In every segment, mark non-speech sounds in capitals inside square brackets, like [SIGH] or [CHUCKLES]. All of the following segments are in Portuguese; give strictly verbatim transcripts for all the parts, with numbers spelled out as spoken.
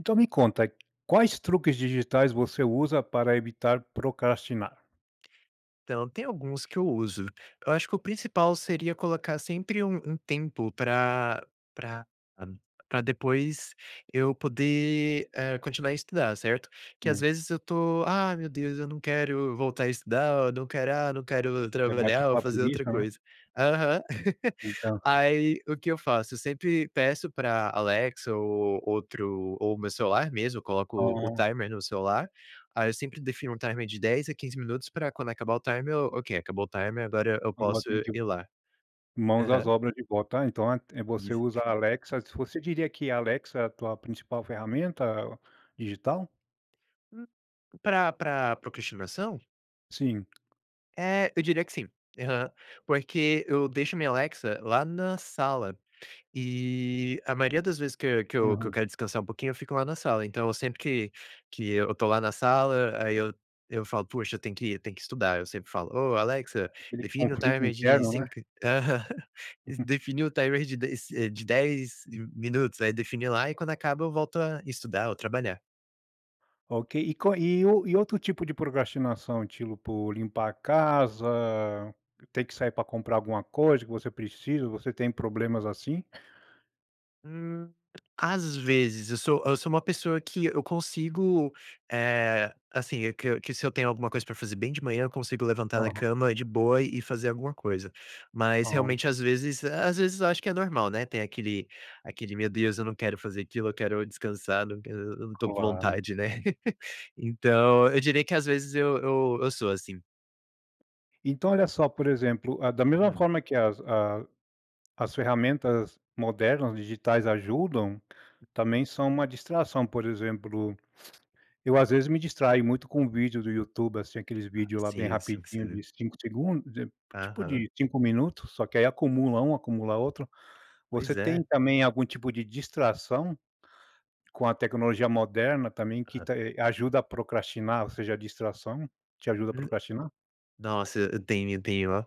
Então me conta, quais truques digitais você usa para evitar procrastinar? Então. Tem alguns que eu uso. Eu acho que o principal seria colocar sempre um um tempo pra pra pra depois, eu poder, eh, continuar a estudar, certo. Que às Hum. vezes eu tô "Ah, meu Deus, eu não quero voltar a estudar. Ou não quero, ah, não quero ir Aí, bate trabalhar ou aquela fazer outra preguiça, né? coisa" Aham. [CHUCKLES] Então. Aí, o que eu faço? Eu sempre peço pra Alexa ou outro ou o meu celular mesmo. Eu coloco o Ah. timer no celular. Aí, eu sempre defino um timer de dez a quinze minutos pra quando acabar o timer "ok, acabou o timer. Agora, eu Agora posso tem [UNINTELLIGIBLE] ir lá". Mãos às Aham. obras de volta. Ah então é é você usa a [UNINTELLIGIBLE] Alexa Você diria que a Alexa é a tua principal ferramenta digital? N Pra pra procrastinação? Sim. Eh, eu diria que sim. Aham. Porque eu deixo a minha Alexa lá na sala e, a maioria das vezes que eu que eu que eu Uhum. quero descansar um pouquinho, eu fico lá na sala. Então, eu sempre que que eu tô lá na sala, aí eu eu falo: "Poxa, eu tenho que ir, eu tenho que estudar". Eu sempre falo: "Oh, Alexa, Aquele define o conflito timer de interno, né? cinco" Aham. [CHUCKLES] Define o timer de de se de dez de minutos. Aí, define lá. E quando acaba, eu volto a estudar ou trabalhar. Ok. E co e o e outro tipo de procrastinação, tilo por limpar a casa? Ter que sair para comprar alguma coisa que você precisa? Você tem problemas, assim? Hum. Às vezes. Eu sou eu sou uma pessoa que eu consigo, eh, assim, eh, que que se eu tenho alguma coisa pra fazer bem de manhã, eu consigo levantar da Aham. cama de boa e fazer alguma coisa. Mas Ah. realmente, às vezes às vezes eu acho que é normal, né ter aquele aquele "Meu Deus, Eu não quero fazer aquilo. Eu quero descansar. Não quer eu não tô com Claro. vontade, né?" [LAUGHS] Então, eu diria que, às vezes, eu eu eu sou assim. Então, olha só. Por exemplo, hã, da mesma Hum. forma que as a as ferramentas modernas digitais ajudam, também são uma distração. Por exemplo, [SNIFFS] eu às vezes me distraio muito com vídeo do YouTube, assim. aqueles Ah. vídeos lá bem Sim, eu sei o que você rapidinho de viu. cinco segundos de tipo Aham. de cinco minutos. Só que aí acumula um, acumula outro. Você Pois tem é. também algum tipo de distração com a tecnologia moderna também que Aham. tá, eh, ajuda a procrastinar, ou seja, a distração te ajuda a procrastinar? Nossa. E eu tenho tenho oh.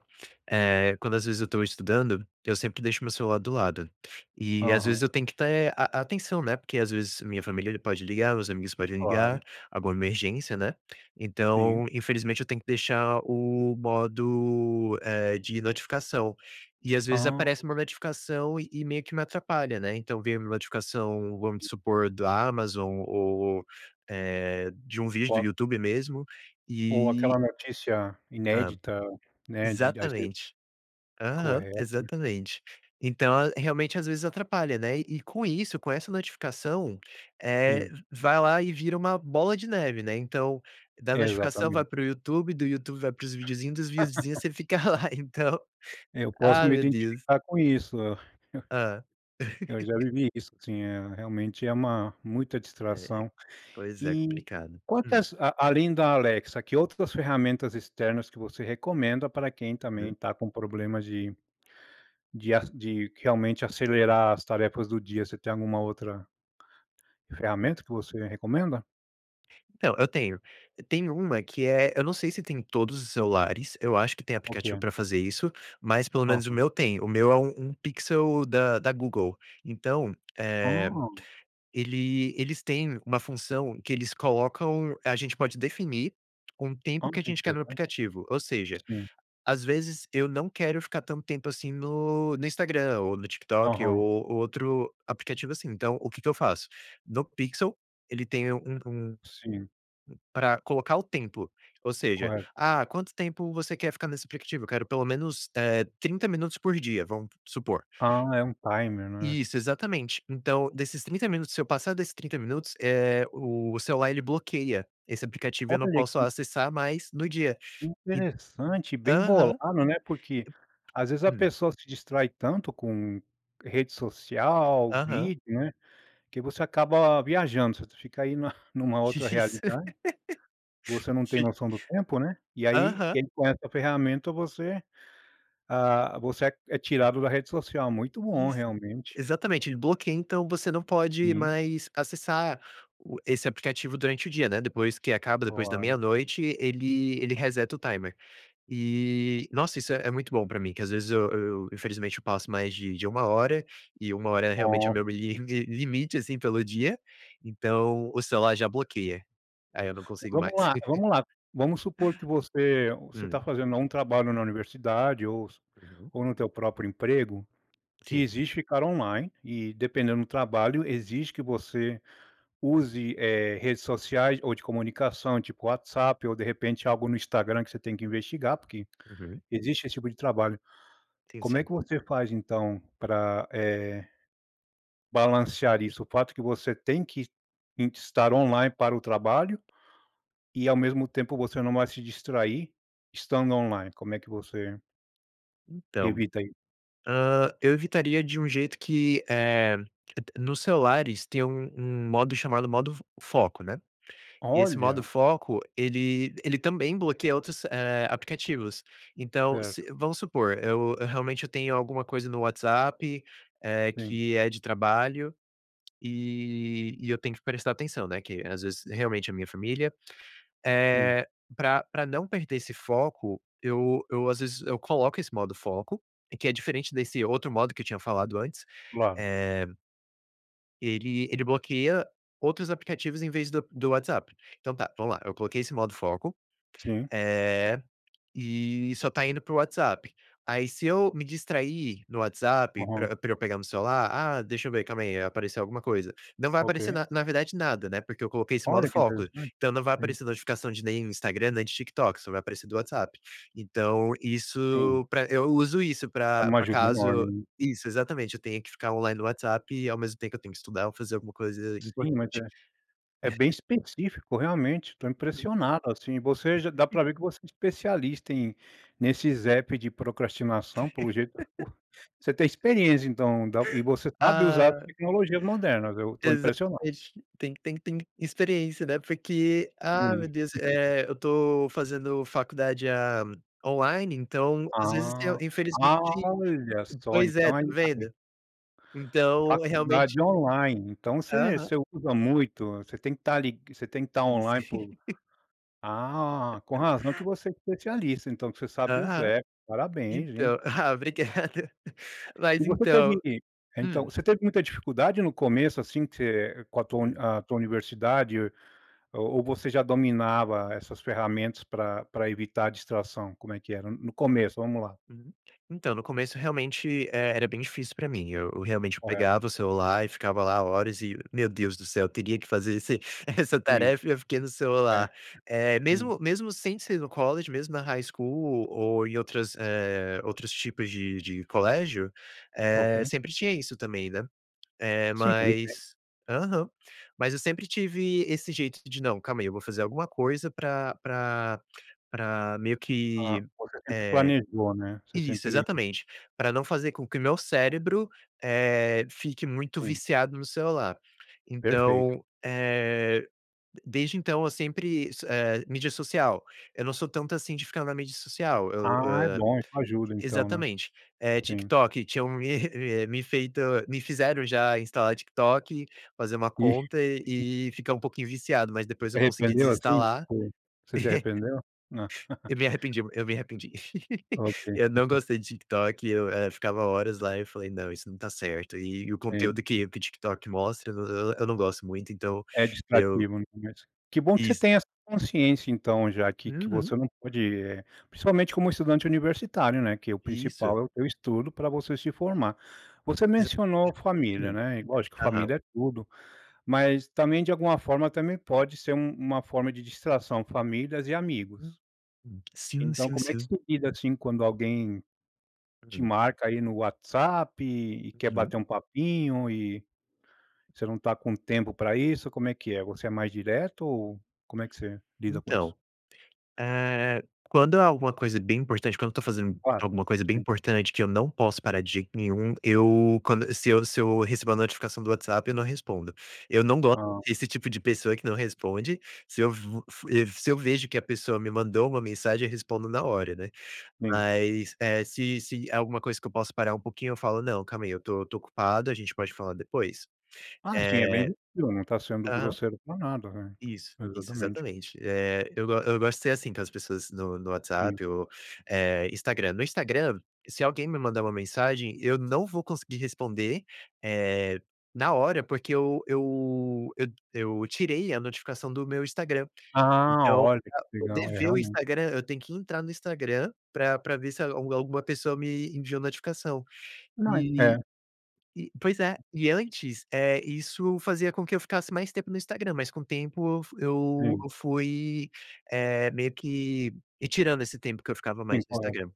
Eh, quando, às vezes, eu estou estudando, eu sempre deixo o meu celular do lado e às Aham. vezes eu tenho que ter a a atenção, né porque, às vezes, a minha família pode ligar. Meus amigos podem Claro. ligar. Alguma emergência, né. Sim. Então, infelizmente, eu tenho que deixar o modo, eh, de notificação. E, às vezes, Ah. aparece uma notificação e e meio que me atrapalha, né. Então, veio uma notificação, vamos supor da Amazon ou, eh, de um vídeo do Foco. YouTube mesmo Ou e aquela notícia Hã. inédita, né de daí você Exatamente. Aham. Correto. Exatamente. Então, realmente, às vezes, atrapalha, né. E e com isso, com essa notificação, eh, Sim. vai lá e vira uma bola de neve, né. Então, da notificação vai Exatamente. para o YouTube. Do YouTube vai pros vídeozinhos. Dos videozinhos, [LAUGHS] você fica lá. Então Eu posso Ai, me meu Deus. identificar com isso. [CHUCKLES] Hã. Eu já [LAUGHS] vivi isso, sim. É realmente é uma muita É. É. distração. Pois é E complicado. Hum. quantas a além da Alexa, que outras ferramentas externas que você recomenda para quem também [UNINTELLIGIBLE] está com problema de de as de realmente acelerar as tarefas do dia. Você tem alguma outra Hum. ferramenta que você recomenda? Então, eu tenho. Tem uma que é, eu não sei se tem em todos os celulares, eu acho que tem aplicativo Ok. pra fazer isso, mas pelo menos o Aham. meu tem. O meu é um um Pixel da da Google. Então, eh, Ah! ele eles têm uma função que eles colocam, a gente pode definir um Ah, tempo que a que gente quer no interessante. aplicativo, ou seja, Sim. às vezes eu não quero ficar tanto tempo assim no no Instagram ou no TikTok ou Aham. outro aplicativo, assim. Então, o que que eu faço? No Pixel, ele tem um um, hum, Sim. pra colocar o templo. Ou seja: Correto. "Ah, quanto tempo você quer ficar nesse aplicativo?". "Eu quero pelo menos, eh trinta minutos por dia", vamos supor. Ah, é um timer, né? Isso, exatamente. Então, desses trinta minutos, se eu passar desses trinta minutos, eh, o o celular, ele bloqueia esse aplicativo e eu não Olha posso que acessar mais no dia e interessante, bem aham. bolado, né. Porque às vezes a Hum. pessoa se distrai tanto com rede social, Aham. vídeo, né, que você acaba viajando. Tu fica aí na numa outra Isso. [LAUGHS] realidade. Você não tem Fica noção do tempo, né, e aí aham. quem tem essa ferramenta, você ah, você é é tirado da rede social. Muito bom Isso. realmente. Exatamente. Ele bloqueia, então, você não pode Sim. mais acessar o esse aplicativo durante o dia, né, depois que acaba, depois da Claro. meia-noite, ele ele reseta o timer. E, nossa, isso é é muito bom pra mim, que às vezes eu eu infelizmente eu passo mais de de uma hora e uma hora é realmente é Ah, o meu li li sim. limi limite assim pelo dia, então o celular já bloqueia. Aí eu não consigo Vamos mais. lá vamos lá. Vamos supor que você [LAUGHS] você Hum. tá fazendo lá um trabalho na universidade ou s Uhum. ou no teu próprio emprego, que Sim. exige ficar online e dependendo do trabalho, exige que você use, eh, redes sociais ou de comunicação, tipo WhatsApp, ou de repente algo no Instagram que você tem que investigar, porque Uhum. existe esse tipo de trabalho. Sim, Como é sim. que você faz então pra, eh, balancear isso? O fato que você tem que e estar online para o trabalho e, ao mesmo tempo, você não vai se distrair estando online? Como é que você Então, Evita, aí. hã, eu evitaria de um jeito que, eh, nos celulares tem um um modo chamado modo f foco, né. E esse modo Olha! foco ele ele também bloqueia outros, eh, aplicativos. Então se Certo. vamos supor, eu eu realmente eu tenho alguma coisa no WhatsApp, eh, Sim. que é de trabalho e e eu tenho que prestar atenção, né, que às vezes, realmente é a minha família. Sim. Eh, pra pra não perder esse foco, eu eu, às vezes, eu coloco esse modo foco que é diferente desse outro modo que eu tinha falado antes, Claro. eh Ele ele bloqueia outros aplicativos em vez do do WhatsApp. Então tá, vamos lá, eu coloquei esse modo foco, Sim. eh, e só tá indo pro WhatsApp. Aí se eu me distrair no WhatsApp Aham. pra pra eu pegar meu celular: "Ah, deixa eu ver, calma aí, apareceu alguma coisa". Não vai aparecer Okay. na na verdade nada, né, porque eu coloquei esse modo Olha que foco, interessante! então, não vai Sim. aparecer notificação de nenhum Instagram, nem de TikTok, só vai aparecer do WhatsApp. Então, Sim. isso pra eu uso isso É pra uma pra ajuda enorme, caso né? Isso, exatamente, eu tenha que ficar online no WhatsApp e ao mesmo tempo eu tenho que estudar ou fazer alguma coisa Sim, mas é importante. é bem [CHUCKLES] específico. Realmente, tô Hum. impressionado assim, você já dá [CHUCKLES] pra ver que você é especialista em nesses app de procrastinação pelo jeito [LAUGHS] [UNINTELLIGIBLE] você tem experiência, então, da e você sabe usar Ah! tecnologias modernas. Eu tô impressionado. Exatamente, tem que tem que tem que experiência, né. Porque, Sim. ah, Uhum. meu Deus! Eh, eu tô fazendo faculdade, ah, online, então, às vezes tem Ah. Ah! infelizmente Olha só! pois é, Então tá aí, tá bem. vendo. Então, é realmente Faculdade online. Então você Aham. você usa muito, você tem que tá lig você tem que tá Isso. online [LAUGHS] por Ah! Com [LAUGHS] razão que você é especialista, então, que você sabe os Aham. app, parabéns, hein? Então, ah, obrigado! E Mas, você então teve que então, hum. você teve muita dificuldade no começo, assim, que você com a tua Hum. a tua universidade? Ou ou você já dominava essas ferramentas pra pra evitar distração? Como é que era, no começo? Vamos lá! Hum. Então, no começo realmente e era bem difícil pra mim, eu eu realmente, eu Correto. pegava o celular e ficava lá horas e: "Meu Deus do céu, eu teria que fazer esse essa Sim. tarefa e eu fiquei no É. celular". Eh, Sim. mesmo mesmo sem ser no college, mesmo na high school ou em outras, eh, outros tipos de de colégio, eh, OK. sempre tinha isso também, né, eh, Sim, pois é. mas aham. Mas eu sempre tive esse jeito de: "Não. Calma aí, eu vou fazer alguma coisa pra pra pra meio Ah, que, você sempre eh", planejou, né. Você isso, sempre exatamente, pra não fazer com que o meu cérebro, eh, fique muito Sim. viciado no celular. Perfeito. Então, eh, desde então, eu sempre isso, eh, mídia social, eu não sou tanto assim de ficar na mídia social. Eu, Ah, é eh, bom, isso ajuda, então, né. exatamente, eh, Sim. TikTok, tinham me re u e me feito me fizeram já instalar TikTok, fazer uma conta [GIGGLES] e ficar um pouquinho viciado, mas depois eu consegui Arrependeu assim, desinstalar. [CHUCKLES] foi? Você se arrependeu? [GIGGLES] Eu me arrependi eu me arrependi. [LAUGHS] OK. Eu não [GIGGLES] gostei de TikTok, eu, eh, ficava horas lá e eu falei: "Não. Isso não tá certo". E e o conteúdo Então que que o TikTok mostra, eu não eu não gosto muito, então É eu distrativo, no começo. Que bom que você Isso. tenha essa consciência então, já que que Uhum. você não pode, eh, principalmente como estudante universitário, né. Que é o Isso. principal é o teu estudo pra você se formar. Você Exatamente. mencionou família, Sim. né, e lógico Aham. família é tudo, mas também de alguma forma, também pode ser um uma forma de distração famílias e Uhum. amigos. Sim, Então, sim, como é que sim. você lida, assim, quando alguém te Hum. marca aí no WhatsApp e quer Uhum. bater um papinho e você não tá com tempo pra isso, como é que é? Você é mais direto? Ou como é que você lida com isso? Então, eh, quando há alguma coisa bem importante, quando eu tô fazendo Claro, alguma coisa bem sim. importante que eu não posso parar de jeito nenhum, eu quando se eu se eu recebo uma notificação do WhatsApp, eu não respondo. Eu não gosto Ah. desse tipo de pessoa que não responde, se eu vo fu e se eu vejo que a pessoa me mandou uma mensagem, eu respondo na hora, né, Sim. mas, eh, se se é alguma coisa que eu posso parar um pouquinho, eu falo: "Não, calma aí, eu tô tô ocupado, a gente pode falar depois?". Ah, sim, é bem Eh difícil, né, tá sendo aham. grosseiro por nada, né. Isso, isso, Exatamente. exatamente. Eh, eu go eu gosto de ser assim com as pessoas no no Sim. WhatsApp ou, eh, Instagram. No Instagram, se alguém me mandar uma mensagem, eu não vou conseguir responder, eh, na hora porque eu eu eu eu tirei a notificação do meu Instagram. Ah! Então, Olha que pra poder legal! É ver o realmente. Instagram, eu tenho que entrar no Instagram pra pra ver se algu alguma pessoa me enviou notificação Não e É. e pois é, e antes, eh, isso fazia com que eu ficasse mais tempo no Instagram, mas com o tempo eu fu eu Sim. eu fui eh, meio que retirando esse tempo que eu ficava mais Sim, no correto. Instagram.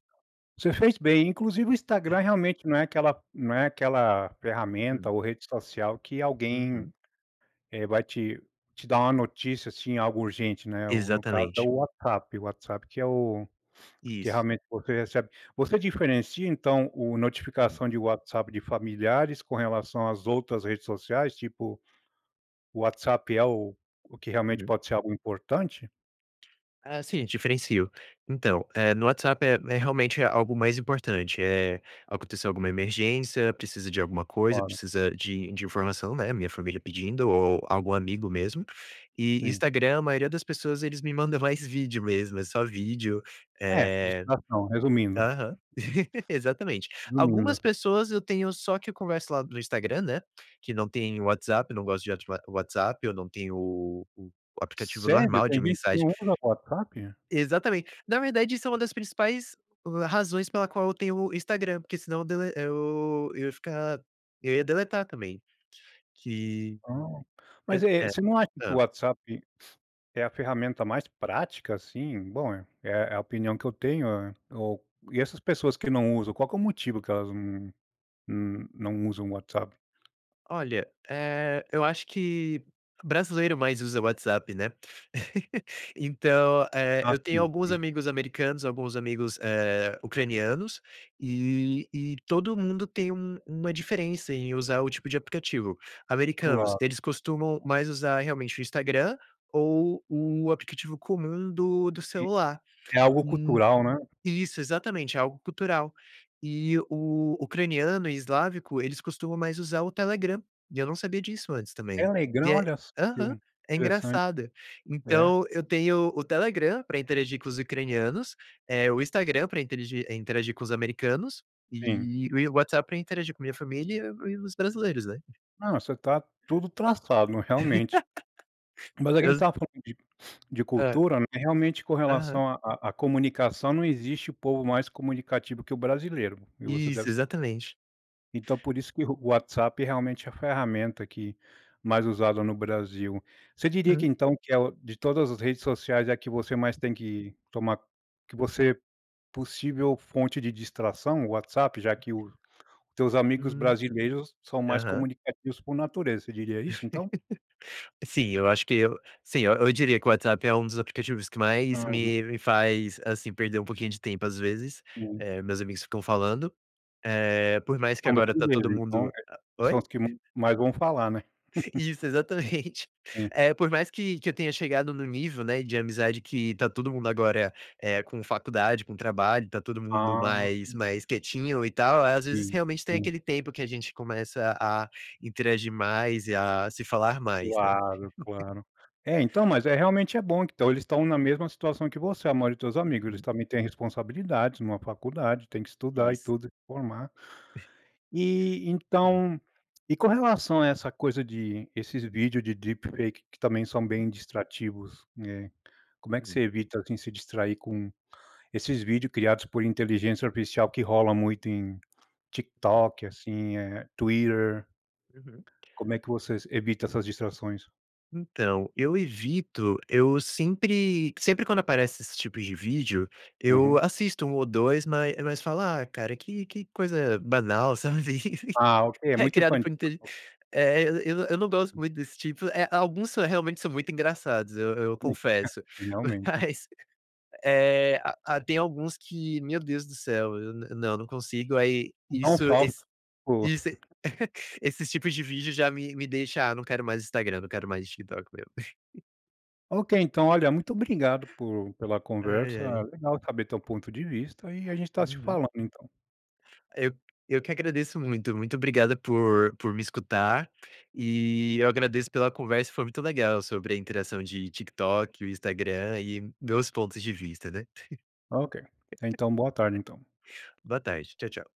Você fez bem, inclusive o Instagram realmente [LAUGHS] não é aquela não é aquela ferramenta Hum. ou rede social que alguém, Uhum. eh, vai te te dar uma notícia assim, algo urgente, né. O no caso é Exatamente. o WhatsApp. O WhatsApp que é o que Isso. realmente você recebe você diferencia então, o Hum. notificação de WhatsApp de familiares com relação às outras redes sociais? Tipo, o WhatsApp é o o que realmente Uhum. pode ser algo importante? Ah, sim, diferencio. Então, eh, no WhatsApp é é realmente algo mais importante, eh, aconteceu alguma emergência, precisa de alguma coisa, Ora. precisa de de informação, né, minha família pedindo ou algum amigo mesmo, e Sim. Instagram, a maioria das pessoas, eles me mandam mais vídeo mesmo, é só vídeo, É eh distração, resumindo. aham exatamente. Algumas Resumindo. pessoas eu tenho só que eu converso lá no Instagram, né, que não tem WhatsApp, não gosto de ati o WhatsApp, ou não tem o aplicativo Sério, normal de tem gente que mensagem. não usa o WhatsApp. Exatamente, na verdade, isso é uma das principais razões pela qual eu tenho o Instagram, porque senão dele eu eu ia ficar, eu ia deletar também que Ah, é mas é, é você não acha que o hã? WhatsApp é a ferramenta mais prática assim, bom, é é a opinião que eu tenho é o, e essas pessoas que não usam qual que é o motivo que elas, hum hum, não usam o WhatsApp? Olha, eh, eu acho que brasileiro mais usa WhatsApp, né. [GIGGLES] Então, eh, Ah, eu tenho sim, alguns sim. amigos americanos, alguns amigos, eh, ucranianos e e todo mundo tem um uma diferença em usar o tipo de aplicativo. Americanos, Claro. eles costumam mais usar realmente o Instagram ou o aplicativo comum do do E, celular é algo cultural, né? Isso, exatamente, é algo cultural. E o ucraniano e eslávico, eles costumam mais usar o Telegram e eu não sabia disso antes também. E Telegram? é, Olha só que aham, é interessante. engraçado. É. Então eu tenho o Telegram pra interagir com os ucranianos, eh o Instagram pra interegir interagir com os americanos Sim. e e o WhatsApp pra interagir com a minha família e e os brasileiros, né. Não, você está tudo traçado, não realmente. [LAUGHS] Mas a quem Exa está falando de de Hã. cultura, né. Realmente com Aham. relação a a a comunicação, não existe o povo mais comunicativo que o brasileiro e você Isso, deve sa exatamente. Então, por isso que o WhatsApp realmente é a ferramenta que, mais usada no Brasil. Você diria que Hum. então que é de todas as redes sociais é que você mais tem que tomar que você possível fonte de distração o WhatsApp, já que o, os teus amigos Hum, brasileiros são mais aham. comunicativos por natureza. Você diria isso, então? Sim, eu acho que eu, sim, eu eu diria que o WhatsApp é um dos aplicativos que mais Ah, uhum. me me faz assim perder um pouquinho de tempo, às vezes, Sim. eh, meus amigos ficam falando, eh, por mais que São agora tá todo brasileiros, então mundo oi? são os que ma mais vão falar, né? Isso exatamente Sim. eh, por mais que que eu tenha chegado no nível, né, de amizade que tá todo mundo agora, eh, com faculdade, com trabalho, tá todo mundo Ah. mais Hum. mais quietinho e tal. Às vezes Sim, realmente tem sim. aquele tempo que a gente começa a interagir mais e a se falar mais, né. Claro, claro, é então, mas é realmente é bom, que então eles estão na mesma situação que você, a maioria dos teus amigos. Eles Uhum. também têm responsabilidades, uma faculdade, tem que estudar e Isso. tudo e formar E Uhum. então e com relação a essa coisa de esses vídeos de deep fake que também são Uhum. bem distrativos, né? Como é que Uhum. você evita, assim, se distrair com esses vídeos criados por inteligência artificial que rola muito em TikTok, assim, eh, Twitter. Uhum. Como é que vocês evita essas distrações? Então eu evito, eu sempre sempre quando aparece esses tipos de vídeo, eu Uhum. assisto um ou dois, mas mas falo ah, cara que que coisa banal, sabe, [GIGGLES] Ah, ok, é muito criado infantil. por inteli eh, eu eu não gosto muito desse tipo, eh, alguns são realmente são muito engraçados, eu eu Hum. Ah, confesso, realmente. mas, eh ah tem alguns que meu Deus do céu, eu nã não não consigo, aí isso [UNINTELLIGIBLE] esse ,pô. isso [GIGGLES] esses tipos de vídeo já me me deixa, ah, não quero mais Instagram, não quero mais TikTok mesmo. Ok, então olha muito obrigado por pela Ai conversa, ai. legal saber teu ponto de vista e a gente tá se Uhum. falando então. Eu eu que agradeço muito muito obrigado por por me escutar e, eu agradeço pela conversa. Foi muito legal sobre a interação de TikTok, e o Instagram e meus pontos de vista, né. Ok, então boa tarde, então. Boa tarde. Tchau, tchau.